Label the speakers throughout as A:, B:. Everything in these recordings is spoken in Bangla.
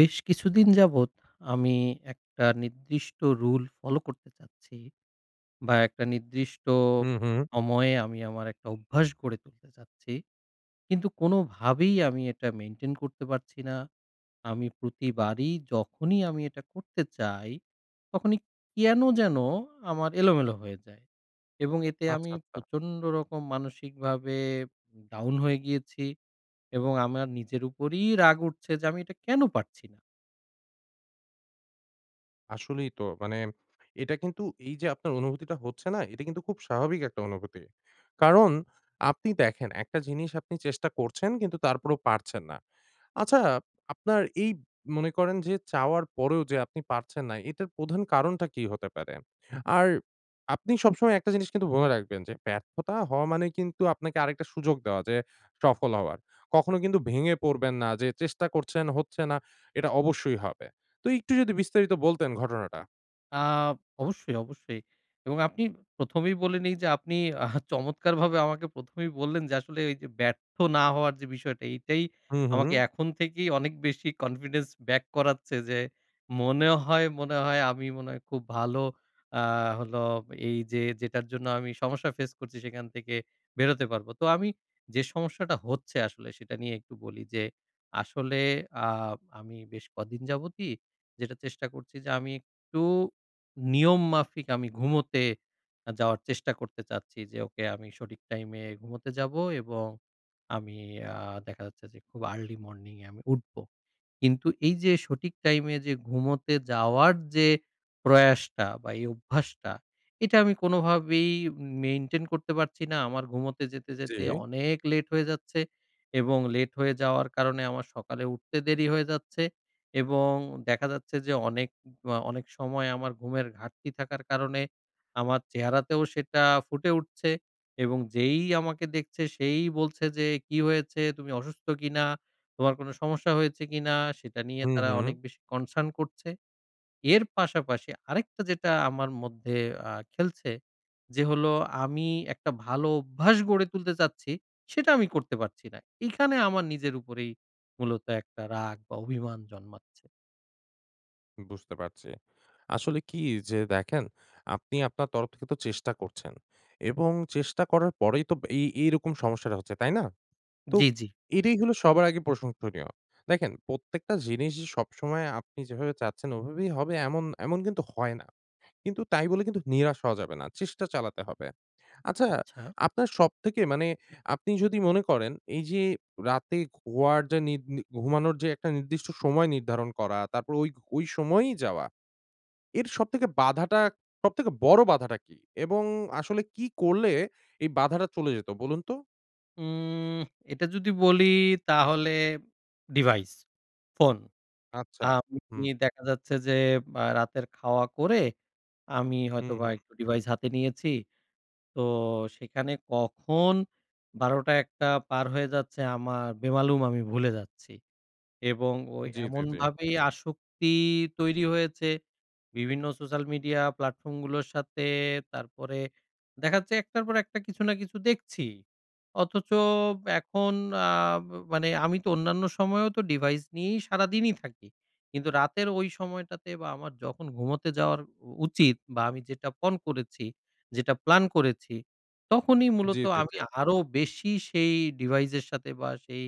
A: বেশ কিছুদিন যাবৎ আমি একটা নির্দিষ্ট রুল ফলো করতে চাচ্ছি বা একটা নির্দিষ্ট
B: হু, হু।
A: সময়ে আমি আমার একটা অভ্যাস গড়ে তুলতে চাচ্ছি, কিন্তু কোনোভাবেই আমি এটা মেনটেন করতে পারছি না। আমি প্রতিবারই যখনই আমি এটা করতে চাই, তখনই কেন যেন আমার এলোমেলো হয়ে যায়। এবং এতে
B: আচ্ছা,
A: আমি
B: আচ্ছা।
A: প্রচণ্ড রকম মানসিকভাবে down হয়ে গিয়েছি এবং আমার নিজের উপরেই রাগ উঠছে যে আমি এটা কেন পারছি না?
B: আসলেই তো মানে এটা কিন্তু এই যে আপনার অনুভূতিটা হচ্ছে না? এটা কিন্তু খুব স্বাভাবিক একটা অনুভূতি। কারণ আপনি দেখেন একটা জিনিস আপনি চেষ্টা করছেন কিন্তু তারপরেও পারছেন না। আচ্ছা আপনার এই মনে করেন যে চাওয়ার পরেও যে আপনি পারছেন না, এটার প্রধান কারণটা কী হতে পারে? আর আপনি সবসময় একটা জিনিস মনে রাখবেন যে ব্যর্থতা হওয়া মানে কিন্তু আপনাকে আরেকটা সুযোগ দেওয়া যে সফল হওয়ার। কখনো কিন্তু ভেঙে পড়বেন না যে চেষ্টা করছেন হচ্ছে না, এটা অবশ্যই হবে। তো একটু যদি বিস্তারিত বলতেন ঘটনাটা?
A: আ অবশ্যই, অবশ্যই এবং আপনি ১ম এই বলে নেই যে আপনি আ চমৎকারভাবে আমাকে ১ম এই বললেন যে আসলে এই যে ব্যর্থ না হওয়ার যে বিষয়টি এইটাই
B: হুম,
A: আমাকে
B: হুম।
A: এখন থেকেই অনেক বেশি কনফিডেন্স ব্যাক করাচ্ছে। যে মনে হয়, মনে হয় আমি মনে হয় খুব ভালো আ হলো এই যে যেটার জন্য আমি সমস্যা ফেস করছি সেখান থেকে বেরোতে পারবো। তো আমি যে সমস্যাটা হচ্ছে আসলে সেটা নিয়ে একটু বলি যে, আসলে আ আমি বেশ কদিন যাবতই যেটা চেষ্টা করছি যে আমি একটু নিয়ম মাফিক আমি ঘুমোতে আ যাওয়ার চেষ্টা করতে চাচ্ছি। যে ওকে আমি সঠিক টাইমে ঘুমোতে যাবো এবং আমি আ দেখা যাচ্ছে যে খুব আর্লি মর্নিংয়ে আমি উঠবো। কিন্তু এই যে সঠিক টাইমে যে ঘুমোতে যাওয়ার যে প্রয়াসটা বা এই অভ্যাসটা, এটা আমি কোনোভাবেই মেইনটেইন করতে পারছি না। আমার ঘুমোতে যেতে, যেতে
B: জী।
A: অনেক লেট হয়ে যাচ্ছে এবং লেট হয়ে যাওয়ার কারণে আমার সকালে উঠতে দেরি হয়ে যাচ্ছে। এবং দেখা যাচ্ছে যে অনেক অ অনেক সময় আমার ঘুমের ঘাটতি থাকার কারণে আমার চেহারাতেও সেটা ফুটে উঠছে এবং যেই আমাকে দেখছে সেই বলছে যে, "কী হয়েছে, তুমি অসুস্থ কিনা, তোমার কোনো সমস্যা হয়েছে কিনা?" সেটা নিয়ে
B: হুম,
A: তারা অনেক
B: হুম।
A: বেশি কনসার্ন করছে। এর পাশাপাশি আরেকটা যেটা আমার মধ্যে আ খেলছে, যে হলো আমি একটা ভালো অভ্যাস গড়ে তুলতে চাচ্ছি সেটা আমি করতে পারছি না। এখানে আমার নিজের উপরেই মূলত একটা রাগ বা অভিমান জন্মাচ্ছে।
B: বুঝতে পারছি। আসলে কী, যে দেখেন, আপনি আপনার তরফ থেকে তো চেষ্টা করছেন। এবং চেষ্টা করার পরেই তো ব এই এইরকম সমস্যাটা হচ্ছে, তাই না? তো
A: জি, জি।
B: এটাই হলো সবার আগে প্রশংসনীয়। দেখেন, প্রত্যেকটা জিনিস যে সবসময় আপনি যেভাবে চাচ্ছেন, ওভাবেই হবে এমন এমন কিন্তু হয় না। কিন্তু তাই বলে কিন্তু নিরাশ হওয়া যাবে না; চেষ্টা চালাতে হবে। আচ্ছা,
A: আচ্ছা।
B: আপনার সবথেকে মানে আপনি যদি মনে করেন এই যে রাতে ঘুয়ার যে নিদ নির ঘুমানোর যে একটা নির্দিষ্ট সময় নির্ধারণ করা, তারপর ওই ওই সময়ই যাওয়া। এর সবথেকে বাধাটা, সবথেকে বড় বাধাটা কী? এবং আসলে কী করলে এই বাধাটা চলে যেতো, বলুন তো?
A: উম্মহ, এটা যদি বলি তাহলে ডিভাইস, ফোন।
B: আচ্ছা,
A: আমি
B: হুম।
A: দেখা যাচ্ছে যে আ রাতের খাওয়া করে, আমি
B: হু,
A: হয়তোবা
B: হুম।
A: একটু ডিভাইস হাতে নিয়েছি; তো সেখানে কখন ১২ঃ০০ টা, ১ঃ০০ টা পার হয়ে যাচ্ছে, আমার বেমালুম আমি ভুলে যাচ্ছি। এবং ওই
B: জি, জি, জি।
A: এমনভাবেই আসক্তি তৈরি হয়েছে, বিভিন্ন সোশ্যাল মিডিয়া প্ল্যাটফর্মগুলোর সাথে, তারপরে দেখা যাচ্ছে এক টার পর একটা কিছু না কিছু দেখছিই। অথচ এখন আব মানে আমি তো অন্যান্য সময়েও তো ডিভাইস নিয়েই সারাদিনই থাকি; কিন্তু রাতের ওই সময়টাতে বা আমার যখন ঘুমোতে যাওয়ার উচিত বা আমি যেটা পণ করেছি, যেটা প্ল্যান করেছি, তখনই
B: জি,
A: মূলত
B: জি,
A: আমি
B: জি।
A: আরো বেশি সেই ডিভাইসের সাথে বা সেই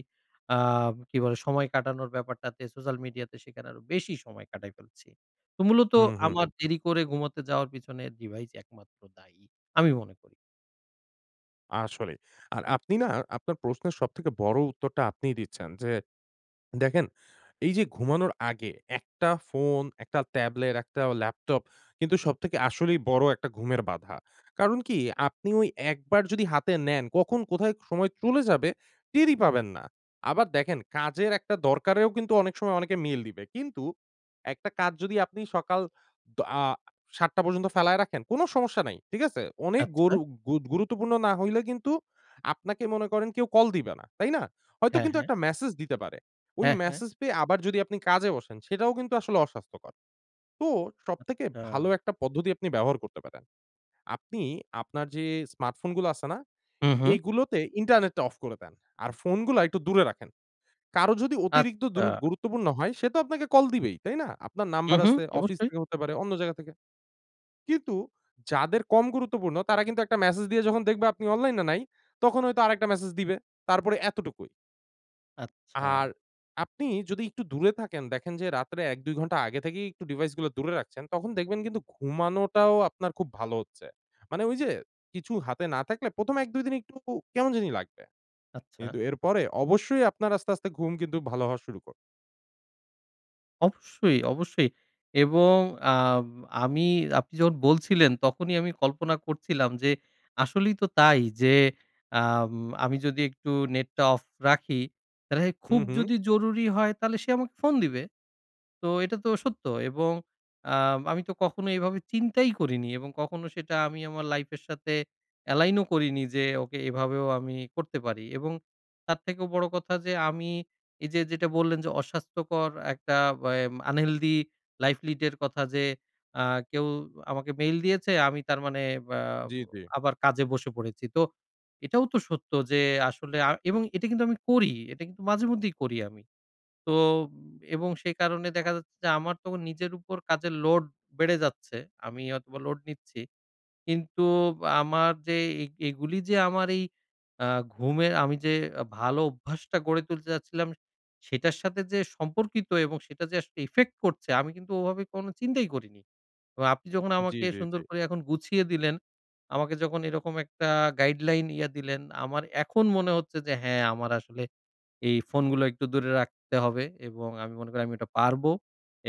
A: আব কী বলে? সময় কাটানোর ব্যাপারটাতে, সোশ্যাল মিডিয়াতে সেখানে আরো বেশি সময় কাটায় ফেলছি। তো মূলত
B: হুম, হুম।
A: আমার দেরি করে ঘুমাতে যাওয়ার পেছনে ডিভাইস একমাত্র দায়ী, আমি মনে করি।
B: আসলেই, আর আপনি না আপনার প্রশ্নের সবথেকে বড় উত্তরটা আপনিই দিচ্ছেন। যে দেখেন এইযে ঘুমানোর আগে ১ টা ফোন, ১ টা ট্যাবলেট, ১ টা অ ল্যাপটপ কিন্তু সবথেকে আসলেই বড় একটা ঘুমের বাধা। কারণ কি? আপনি ওই একবার যদি হাতে নেন, কখন কোথায় ক সময় চলে যাবে টেরই পাবেন না। আবার দেখেন কাজের একটা দরকারেও কিন্তু অনেক সময় অনেকে মেইল দিবে। কিন্তু একটা কাজ যদি আপনি সকাল দ আ ৭ টা পর্যন্ত ফেলায় রাখেন কোন সমস্যা নাই, ঠিক আছে? অনেক
A: আচ্ছা।
B: গরু গুরুত্বপূর্ণ না হইলে কিন্তু আপনাকে মনে করেন কেউ কল দিবে না। তাই না? হয়তো
A: হ্যাঁ,
B: কিন্তু
A: হ্যাঁ।
B: একটা মেসেজ দিতে পারে। ওই
A: হ্যাঁ, হ্যাঁ।
B: মেসেজ পেয়ে আবার যদি আপনি কাজে বসেন সেটাও কিন্তু আসলে অস্বাস্থ্যকর। তো সবথেকে ভালো
A: আচ্ছা।
B: একটা পদ্ধতি আপনি ব্যবহার করতে পারেন। আপনি আপনার যে স্মার্টফোন গুলো আছে না?
A: হু, হু।
B: এইগুলোতে ইন্টারনেটটা অফ করে দেন। আর ফোনগুলা একটু দূরে রাখেন। কারো যদি অতিরিক্ত দুরু
A: আচ্ছা।
B: গুরুত্বপূর্ণ হয় সে তো আপনাকে কল দিবেই, তাই না? আপনার
A: হু,
B: নাম্বার
A: হু
B: আছে অফিস
A: অবশ্যই।
B: থেকে হতে পারে, অন্য জায়গা থেকে। কিন্তু যাদের কম গুরুত্বপূর্ণ তারা কিন্তু একটা মেসেজ দিয়ে যখন দেখবে আপনি অনলাইন এ নাই তখন হয়তো আরেকটা মেসেজ দিবে। তারপরে এতটুকুই। আর
A: আচ্ছা।
B: আপনি যদি একটু দূরে থাকেন, দেখেন যে রাত্রে ১, ২ ঘণ্টা আগে থেকেই একটু device গুলো দূরে রাখছেন, তখন দেখবেন কিন্তু ঘুমানোটাও আপনার খুব ভালো হচ্ছে। মানে ঐ যে কিছু হাতে না থাকলে প্রথমে ১, ২ দিন একটুকু কেমন জানি লাগবে।
A: আচ্ছা।
B: কিন্তু এরপরে অবশ্যই আপনার আস্তে, আস্তে ঘুম কিন্তু ভালো হওয়া শুরু কর
A: অবশ্যই, অবশ্যই। এবং আব আমি আপনি যখন বলছিলেন, তখনই আমি কল্পনা করছিলাম যে আসলেই তো তাই যে আম আমি যদি একটু নেটটা অফ রাখি, তাহলে খুব
B: হুম, হুম।
A: যদি জরুরি হয়, তাহলে সে আমাকে ফোন দিবে। তো এটা তো সত্য এবং আ আমি তো কখনো এভাবে চিন্তাই করিনি; এবং কখনো সেটা আমি আমার life এর সাথে align ও করিনি যে ওকে, এভাবেও আমি করতে পারি। এবং তার থেকেও বড় কথা যে আমি, এই যে যেটা বললেন যে অস্বাস্থ্যকর একটা ওয়ে unhealthy life lead এর কথা যে আ কেউ আমাকে mail দিয়েছে, আমি তার মানে বা
B: জি, জি।
A: আবার কাজে বসে পড়েছি। তো এটাও তো সত্য যে আসলে আ এবং এটা কিন্তু আমি করি, এটা কিন্তু মাঝেমধ্যেই করি আমি। তো, এবং সেই কারণে দেখা যাচ্ছে যে আমার তো নিজের ওপর কাজের load বেড়ে যাচ্ছে। আমি হয়তোবা load নিচ্ছি, কিন্তু আমার যে এই এগুলী যে আমার এই আ ঘুমের আমি যে ভালো অভ্যাসটা গড়ে তুলতে যাচ্ছিলাম, সেটার সাথে যে সম্পর্কিত এবং সেটা যে আসলে effect করছে, আমি কিন্তু ওভাবে কোনো চিন্তাই করিনি। এবং আপনি যখন
B: জি,
A: আমাকে
B: জি,
A: সুন্দর
B: জি।
A: করে এখন গুছিয়ে দিলেন, আমাকে যখন এরকম একটা guideline ইয়ে দিলেন; আমার এখন মনে হচ্ছে যে হ্যাঁ, আমার আসলে এই ফোনগুলো একটু দূরে রাখতে হবে এবং আমি মনে করি আমি ওইটা পারবো।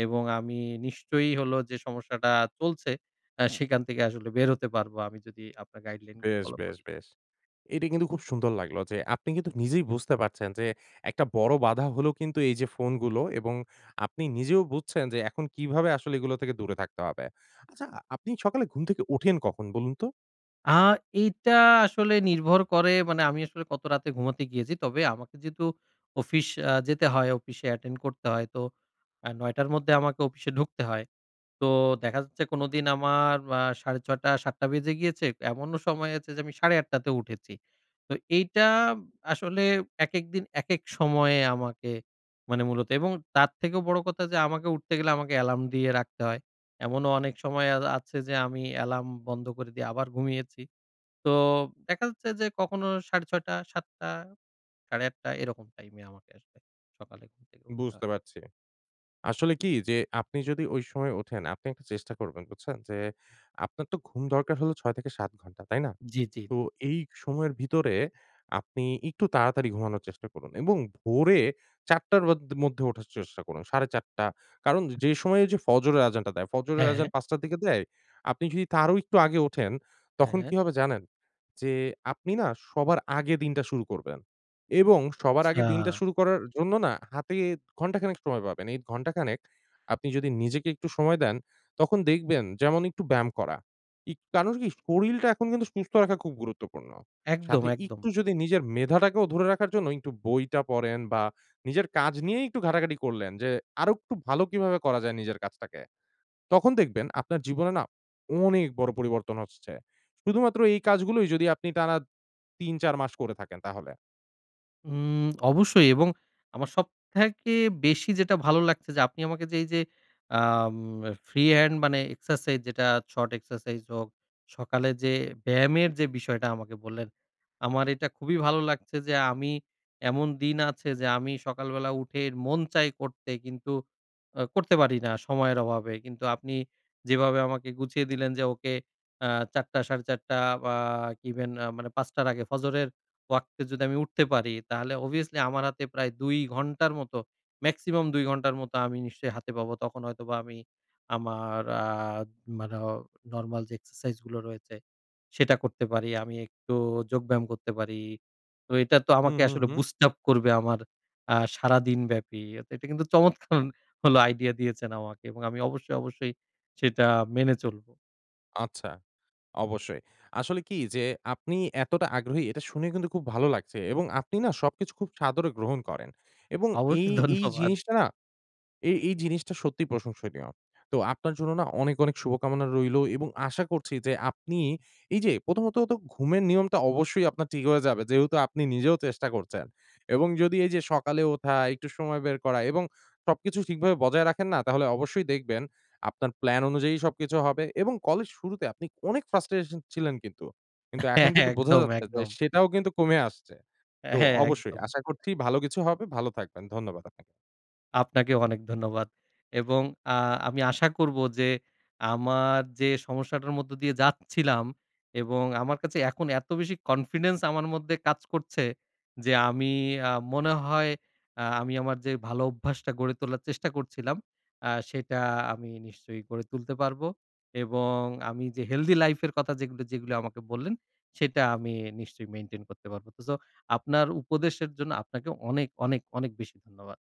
A: এবং আমি নিশ্চয়ই হলো যে সমস্যাটা চলছে, আ সেখান থেকে আসলে বের হতে পারবো আমি যদি আপনার guideline গুলো
B: বেশ,
A: ফলো করি।
B: বেশ, বেশ। এটা কিন্তু খুব সুন্দর লাগলো যে আপনি কিন্তু নিজেই বুঝতে পারছেন যে একটা বড় বাধা হলো কিন্তু এই যে ফোনগুলো, এবং আপনি নিজেও বুঝছেন যে এখন কিভাবে আসলে এগুলো থেকে দূরে থাকতে হবে। আচ্ছা আপনি সকালে ঘুম থেকে ওঠেন কখন বলুন তো?
A: অ্যা এইটা আসলে নির্ভর করে মানে, আমি আসলে কত রাতে ঘুমাতে গিয়েছি। তবে আমাকে যেহেতু অফিস অ্যাঁ যেতে হয়, অফিসে attend করতে হয়, তো আ ৯ঃ০০ র মধ্যে আমাকে অফিসে ঢুকতে হয়। তো দেখা যাচ্ছে কোনোদিন আমার অ্যা ৬.৩০ টা, ৭ঃ০০ টা বেজে গিয়েছে এমনও সময় আছে যে আমি ৮.৩০ তে উঠেছি। তো এইটা আসলে একেক দিন একেক সময়ে আমাকে মানে মূলত এবং তার থেকেও বড় কথা যে আমাকে উঠতে গেলে আমাকে এলার্ম দিয়ে রাখতে হয়। এমনও অনেক সময় আছ আছে যে আমি এলার্ম বন্ধ করে দিয়ে আবার ঘুমিয়েছি। তো দেখা যাচ্ছে যে কখনো ৬.৩০ টা ৭ঃ০০ টা ৮.৩০ টা এরকম টাইমে আমাকে আসলে সকালে ঘুম থেকে উঠতে হয়।
B: বুঝতে পারছি। আসলে কি, যে আপনি যদি ঐ সময় ওঠেন আপনি একটা চেষ্টা করবেন, বুঝছেন? যে আপনার তো ঘুম দরকার হলো ৬-৭ ঘন্টা, তাই না?
A: জি, জি, জি।
B: তো এই সময়ের ভীতরে, আপনি একটু তাড়াতাড়ি ঘুমানোর চেষ্টা করুন, এবং ভোরে ৪ঃ০০ র অদ মধ্যে ওঠার চেষ্টা করুন, ৪.৩০ টা। কারন যেই সময় ঐযে ফজরের আযানটা দেয়, ফজরের
A: হ্যা,
B: আযান
A: হ্যা।
B: ৫ঃ০০ র দিকে দেয়, আপনি যদি তারও একটু আগে ওঠেন,
A: হ্যা,
B: তখন
A: হ্যা।
B: কি হবে জানেন? যে আপনি না সবার আগে দিনটা শুরু করবেন। এবং সবার আগে দিনটা
A: আচ্ছা।
B: শুরু করার জন্য না হাতে ঘন্টাখানেক সময় পাবেন। এই ঘন্টাখানেক আপনি যদি নিজেকে একটু সময় দেন, তখন দেখবেন যেমন একটু ব্যায়াম করা। ইক কারন কি শরীরটা এখন কিন্তু সুস্থ রাখা খুব গুরুত্বপূর্ণ।
A: একদম,
B: সাথে
A: একদম।
B: একটু যদি নিজের মেধাটাকেও ধরে রাখার জন্য একটু বইটা পড়েন, বা নিজের কাজ নিয়েই একটু ঘাটাঘাটি করলেন, যে আরো একটু ভালো কিভাবে করা যায় নিজের কাজটাকে, তখন দেখবেন আপনার জীবনে না অনেক বড় পরিবর্তন আসছে। শুধুমাত্র এই কাজগুলোই যদি আপনি টানা ৩, ৪ মাস করে থাকেন তাহলে।
A: হুম অবশ্যই। এবং আমার সবথেকে বেশি যেটা ভালো লাগছে যে, আপনি আমাকে যে এইযে, আম ফ্রি হ্যান্ড মানে এক্সারসাইজ যেটা শর্ট এক্সারসাইজ হোক, সকালে যে ব্যায়ামের যে বিষয়টা আমাকে বললেন। আমার এটা খুবই ভালো লাগছে যে, আমি এমন দিন আছে যে, আমি সকালবেলা উঠে মন চায় করতে কিন্তু আ করতে পারি না সময়ের অভাবে। কিন্তু আপনি যেভাবে আমাকে গুছিয়ে দিলেন যে, ওকে। আ ৪ঃ০০ টা ৪ঃ৩০ টা বা ইভেন আ মানে ৫ঃ০০ টার আগে, ফজরের ওয়াক্তে যদি আমি উঠতে পারি। তাহলে অবভিয়াসলি আমার হাতে প্রায় ২ ঘন্টার মত, মেক্সিমাম ২ ঘন্টার মত আমি নিশ্চয়ই হাতে পাবো। তখন হয়তোবা আমি আমার আ মানে অ নরমাল যে এক্সারসাইজ গুলো রয়েছে, সেটা করতে পারি। আমি একটু যোগব্যায়াম করতে পারি। তো এটা তো
B: হুম,
A: আমাকে
B: হুম,
A: আসলে
B: হুম।
A: boost up করবে আমার আ সারাদিন ব্যাপী। এট এটা কিন্তু চমৎকার ভালো আইডিয়া দিয়েছেন আমাকে। এবং আমি অবশ্যই, অবশ্যই সেটা মেনে চলবো।
B: আচ্ছা। অবশ্যই। আসলে কি যে, আপনি এতটা আগ্রহী; এটা শুনে কিন্তু খুব ভালো লাগছে। এবং আপনি না, সবকিছু খুব সাদরে গ্রহণ করেন। এবং এই,
A: অবশ্যই
B: এই
A: ধন্যবাদ।
B: জিনিসটা না, এই, এই জিনিসটা সত্যিই প্রশংসনীয়। তো আপনার জন্য না, অনেক, অনেক শুভকামনা রইলো এবং আশা করছি যে, আপনি এই যে প্রথমত তো ঘুমের নিয়মটা অবশ্যই আপনার ঠিক হয়ে যাবে। যেহেতু আপনি নিজেও চেষ্টা করছেন। এবং যদি এই যে সকালে উঠা, একটু সময় বের করা এবং সবকিছু ঠিকভাবে বজায় রাখেন না? তাহলে অবশ্যই দেখবেন, আপনার প্ল্যান অনুযায়ী সবকিছু হবে এবং কলের শুরুতে, আপনি অনেক frustration ছিলেন কিন্তু। কিন্তু এখন
A: হ্যাঁ, হ্যাঁ।
B: কিন্তু বোঝা
A: একদম,
B: যাচ্ছে যে,
A: একদম।
B: সেটাও কিন্তু কমে আসছে। তো
A: হ্যাঁ
B: অবশ্যই
A: একদম।
B: আশা করছি ভালো কিছু হবে, ভালো থাকবেন। ধন্যবাদ আপনাকে।
A: আপনাকেও অনেক ধন্যবাদ। এবং আ আমি আশা করব যে, আমার যে সমস্যাটার মধ্য দিয়ে যাচ্ছিলাম এবং আমার কাছে এখন এত বেশি কনফিডেন্স আমার মধ্যে কাজ করছে। যে, আমি আ মনে হয় আ আমি আমার যে, ভালো অভ্যাসটা গড়ে তোলার চেষ্টা করছিলাম, আ সেটা আমি নিশ্চয়ই গড়ে তুলতে পারব। এবং আমি যে healthy life এর কথা যেগুলি, যেগুলি আমাকে বললেন, সেটা আমি নিশ্চয়ই maintain করতে পারব। তো সো, আপনার উপদেশের জন্য আপনাকে অনেক, অনেক, অনেক বেশি ধন্যবাদ।